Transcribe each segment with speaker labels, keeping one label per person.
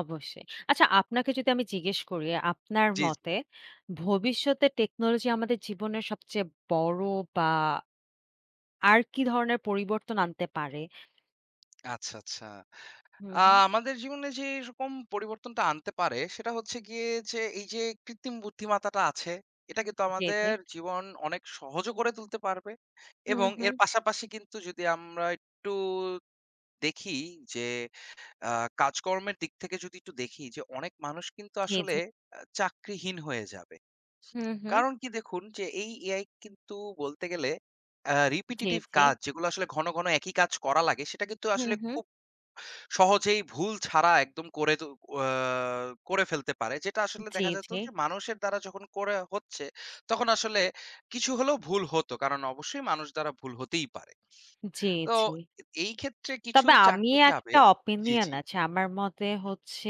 Speaker 1: অবশ্যই। আচ্ছা আপনাকে যদি আমি জিজ্ঞেস করি, আপনার
Speaker 2: জি, জি।
Speaker 1: মতে ভবিষ্যতে technology আমাদের জীবনের সবচেয়ে বড় বা আর কী ধরনের পরিবর্তন আনতে পারে?
Speaker 2: আচ্ছা, আচ্ছা।
Speaker 1: হু,
Speaker 2: আ
Speaker 1: হু।
Speaker 2: আমাদের জীবনে যে এরকম পরিবর্তনটা আনতে পারে সেটা হচ্ছে গিয়ে যে, এই যে কৃত্রিম বুদ্ধিমত্তাটা আছে, এটা কিন্তু
Speaker 1: জি, জি।
Speaker 2: আমাদের জীবন অনেক সহজও করে তুলতে পারবে
Speaker 1: হু,
Speaker 2: এবং এর
Speaker 1: হু।
Speaker 2: পাশাপাশি কিন্তু যদি আমরা একটু দেখি যে আ কাজকর্মের দিক থেকে যদি একটু দেখি যে, অনেক মানুষ কিন্তু
Speaker 1: জি,
Speaker 2: আসলে
Speaker 1: জি।
Speaker 2: অ্যা চাকরিহীন হয়ে যাবে।
Speaker 1: হু, হু।
Speaker 2: কারণ কি দেখুন, যে এই AI কিন্তু বলতে গেলে আ
Speaker 1: জি,
Speaker 2: repetitive
Speaker 1: জি।
Speaker 2: কাজ যেগুলা আসলে ঘন, ঘন একই কাজ করা লাগে সেটা কিন্তু
Speaker 1: হু,
Speaker 2: আসলে
Speaker 1: হু।
Speaker 2: খুব, সহজেই ভুল ছাড়া একদম করে তু অ্যা করে ফেলতে পারে। যেটা আসলে
Speaker 1: জি,
Speaker 2: দেখা যেত
Speaker 1: জি।
Speaker 2: যে মানুষের দ্বারা যখন করা হচ্ছে তখন আসলে কিছু হলেও ভুল হত। কারণ অবশ্যই মানুষ দ্বারা ভুল হতেই পারে।
Speaker 1: জি,
Speaker 2: তো
Speaker 1: জি।
Speaker 2: এ এই ক্ষেত্রে কিছু
Speaker 1: তবে আমি
Speaker 2: চাকরি যাবে
Speaker 1: একটা
Speaker 2: জি,
Speaker 1: ওপিনিয়ন
Speaker 2: জি।
Speaker 1: আছে। আমার মতে হচ্ছে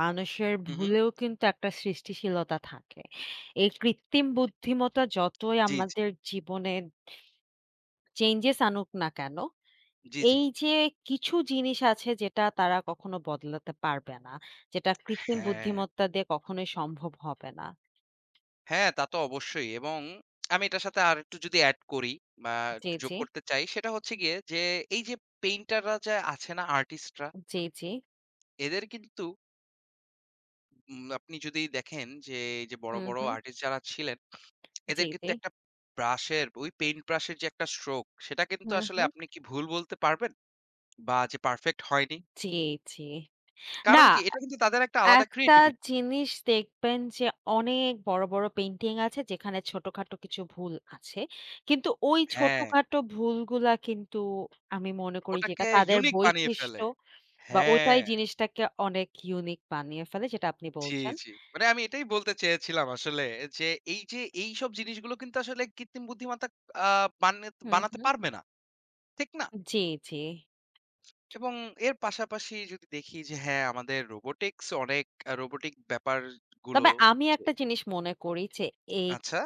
Speaker 1: মানুষের
Speaker 2: হু, হু।
Speaker 1: ভুলেও কিন্তু একটা সৃষ্টিশীলতা থাকে। এই কৃত্রিম বুদ্ধিমত্তা যতই
Speaker 2: জি, জি।
Speaker 1: আমাদের জীবনে চেঞ্জেস আনুক না কেন?
Speaker 2: জি, জি।
Speaker 1: এই যে কিছু জিনিস আছে যেটা তারা কখনো বদলাতে পারবে না। যেটা কৃত্রিম
Speaker 2: হ্যাঁ।
Speaker 1: বুদ্ধিমত্তা দিয়ে কখনোই সম্ভব হবে না।
Speaker 2: হ্যাঁ, তা তো অবশ্যই এবং আমি এটার সাথে আরেকটু যদি এড করি ম্যা
Speaker 1: জি,
Speaker 2: একটু যোগ
Speaker 1: জি।
Speaker 2: করতে চাই সেটা হচ্ছে গিয়ে যে এই যে পেইন্টাররা যে আছে না আর্টিস্টরা?
Speaker 1: জি, জি।
Speaker 2: এদের কিন্তু উম আপনি যদি দেখেন যে এই যে বড়, বড়
Speaker 1: উহু।
Speaker 2: আর্টিস্ট যারা ছিলেন
Speaker 1: জি,
Speaker 2: এদের
Speaker 1: জি।
Speaker 2: কিন্তু একটা ব্রাশ এর ওই পেইন্ট ব্রাশ এর যে একটা স্ট্রোক সেটা কিন্তু
Speaker 1: হু,
Speaker 2: আসলে
Speaker 1: হু।
Speaker 2: আপনি কি ভুল বলতে পারবেন বা যে পারফেক্ট হয়নি?
Speaker 1: জি, জি। না
Speaker 2: কারণ কি এটা কিন্তু তাদের একটা আলাদা
Speaker 1: একটা
Speaker 2: creativi
Speaker 1: জিনিস দেখবেন যে অনেক বড়, বড় পেইন্টিং আছে যেখানে ছোটখাটো কিছু ভুল আছে। কিন্তু ওই
Speaker 2: হ্যাঁ।
Speaker 1: ছোটখাটো ভুলগুলা কিন্তু আমি মনে করি যে,
Speaker 2: ওটাকে
Speaker 1: এটা তাদের
Speaker 2: ইউনিক বানিয়ে ফেলে
Speaker 1: বৈশিষ্ট্য বা
Speaker 2: হ্যাঁ!
Speaker 1: ওটাই জিনিসটাকে অনেক ইউনিক বানিয়ে ফেলে যেটা আপনি
Speaker 2: জি,
Speaker 1: বলছেন।
Speaker 2: জি। মানে আমি এটাই বলতে চেয়েছিলাম, আসলে যে এই যে এইসব জিনিসগুলো কিন্তু আসলে কৃত্রিম বুদ্ধিমত্তা আ বানেত
Speaker 1: হু,
Speaker 2: বানাতে
Speaker 1: হু।
Speaker 2: পারবে না। ঠিক না?
Speaker 1: জি, জি।
Speaker 2: এবং এর পাশাপাশি যদি দেখি যে হ্যাঁ, আমাদের robotics অনেক অ্যা robotic ব্যাপারগুলো
Speaker 1: তবে আমি
Speaker 2: যে।
Speaker 1: একটা জিনিস মনে করি যে এই
Speaker 2: আচ্ছা।